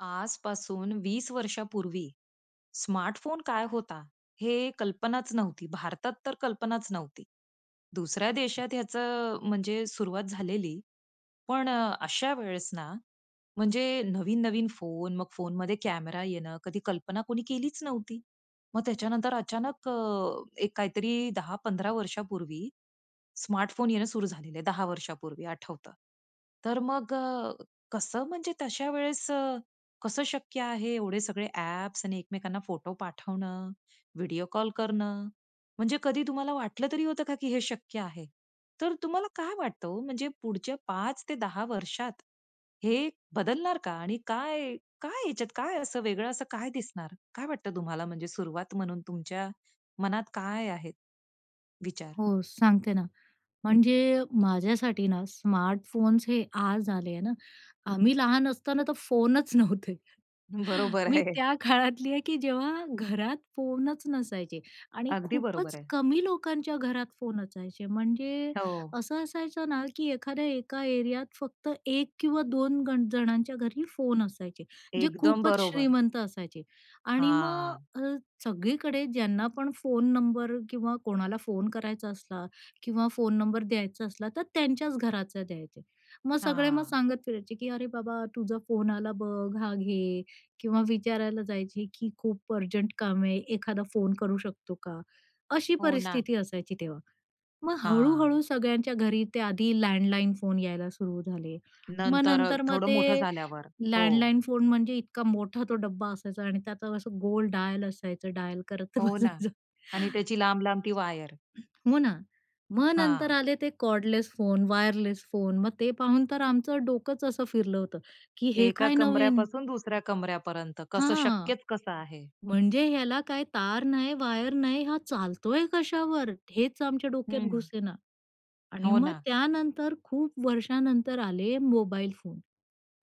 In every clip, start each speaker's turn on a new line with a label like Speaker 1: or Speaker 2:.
Speaker 1: आजपासून 20 वर्षापूर्वी स्मार्टफोन काय होता? हे कल्पनाच नव्हती. भारतात तर कल्पनाच नव्हती, दुसऱ्या देशात ह्याचं म्हणजे सुरुवात झालेली. पण अ, अशा वेळेस ना म्हणजे नवीन-नवीन फोन, मग फोनमध्ये कॅमेरा येणं, कधी कल्पना कोणी केलीच नव्हती. मग त्याच्यानंतर अचानक अ, एक काहीतरी 10-15 वर्षापूर्वी स्मार्टफोन येणं सुरू झालेलं आहे. 10 वर्षांपूर्वी आठवतं. तर मग अ, कसं म्हणजे तश्या वेळेस अ, कसं शक्य आहे एवढे सगळे ॲप्स आणि एकमेकांना फोटो पाठवणं, व्हिडिओ कॉल करणं? म्हणजे कधी तुम्हाला वाटलं तरी होतं का, की हे शक्य आहे? तर तुम्हाला काय वाटतं ओ, म्हणजे पुढच्या 5-10 वर्षात हे बदलणार का? आणि काय काय ह्याच्यात काय असं वेगळं असं काय दिसणार? काय वाटतं तुम्हाला म्हणजे सुरुवात म्हणून तुमच्या मनात काय आहे, विचार?
Speaker 2: हो, सांगते ना, म्हणजे माझ्यासाठी ना, स्मार्टफोन्स हे आज आले आहे ना. आम्ही लहान असताना तर फोनच नव्हते.
Speaker 1: बरोबर
Speaker 2: मी
Speaker 1: आहे.
Speaker 2: त्या काळातली आहे, की जेव्हा घरात फोनच नसायचे आणि
Speaker 1: अगदी बरोबर
Speaker 2: खूपच
Speaker 1: आहे.
Speaker 2: कमी लोकांच्या घरात फोन असायचे. म्हणजे
Speaker 1: हो.
Speaker 2: असं असायचं ना, की एखाद्या एका एरियात फक्त 1 किंवा 2 गण जणांच्या घरी फोन असायचे, जे
Speaker 1: एकदम
Speaker 2: खूपच
Speaker 1: बरोबर.
Speaker 2: श्रीमंत असायचे आणि मग
Speaker 1: हां.
Speaker 2: अ, सगळीकडे ज्यांना पण फोन नंबर किंवा कोणाला फोन करायचा असला किंवा फोन नंबर द्यायचा असला, तर त्यांच्याच घराचा द्यायचे. मग सगळे मग
Speaker 1: हां.
Speaker 2: सांगत फिरायचे की, "अरे बाबा, तुझा फोन आला बघ, हा घे." किंवा विचारायला जायचे की, "खूप अर्जंट काम आहे, एखादा फोन करू शकतो का?" अशी
Speaker 1: हो ना.
Speaker 2: परिस्थिती असायची तेव्हा. मग
Speaker 1: हां.
Speaker 2: हळू-हळू सगळ्यांच्या घरी ते आधी लँडलाईन फोन यायला सुरू झाले. मग
Speaker 1: नंतर अ,
Speaker 2: नंतर मग
Speaker 1: थोडं मोठं
Speaker 2: ते
Speaker 1: झाल्यावर, हो.
Speaker 2: लँडलाईन फोन, म्हणजे इतका मोठा तो डब्बा असायचा आणि त्याचं असं गोल डायल असायचं, डायल करत
Speaker 1: हो ना
Speaker 2: बसायचं.
Speaker 1: आणि त्याची लांब-लांब ती वायर.
Speaker 2: हो ना, मग नंतर
Speaker 1: हां.
Speaker 2: आले ते कॉर्डलेस फोन, वायरलेस फोन मग ते पाहून तर आमचं डोकंच असं फिरलं होतं, की हे
Speaker 1: एका
Speaker 2: काय नवीन?
Speaker 1: कमऱ्यापासून दुसऱ्या कमऱ्यापर्यंत कसं
Speaker 2: हां,
Speaker 1: शक्यच कसं आहे?
Speaker 2: म्हणजे ह्याला काय तार नाही, वायर नाही, हा चालतोय कशावर? हेच आमच्या डोक्यात
Speaker 1: हं.
Speaker 2: घुसेना आणि
Speaker 1: हो,
Speaker 2: मग
Speaker 1: ना.
Speaker 2: त्यानंतर खूप वर्षानंतर आले मोबाईल फोन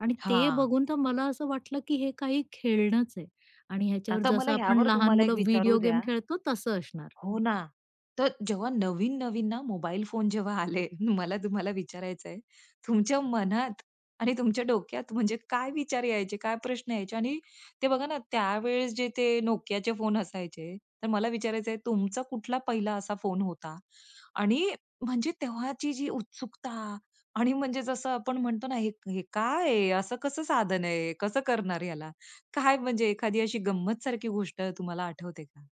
Speaker 2: आणि ते
Speaker 1: हां.
Speaker 2: बघून तर मला असं वाटलं, की हे काही खेळणचं आहे आणि ह्याच्यावर
Speaker 1: आता मला
Speaker 2: जसं आपण
Speaker 1: ह्यावर
Speaker 2: लहान
Speaker 1: तुम्हाला एक
Speaker 2: मुलं
Speaker 1: विचारू
Speaker 2: व्हिडिओ गेम
Speaker 1: द्या?
Speaker 2: खेळतो, तसं असणार.
Speaker 1: हो ना. तर जेव्हा नवीन-नवीन ना, मोबाईल फोन जेव्हा आले, मला तुम्हाला विचारायचंय, तुमच्या मनात आणि तुमच्या डोक्यात म्हणजे काय विचार यायचे? काय प्रश्न यायचे? आणि ते बघा ना, त्यावेळेस जे ते NOKIAचे फोन असायचे, तर मला विचारायचंय, तुमचा कुठला पहिला असा फोन होता? आणि म्हणजे तेव्हाची जी उत्सुकता आणि म्हणजे जसं आपण म्हणतो ना, हे हे काय आहे? असं कसं साधन आहे, कसं करणार ह्याला? काय म्हणजे एखादी अशी गंमत सारखी गोष्ट तुम्हाला आठवते का?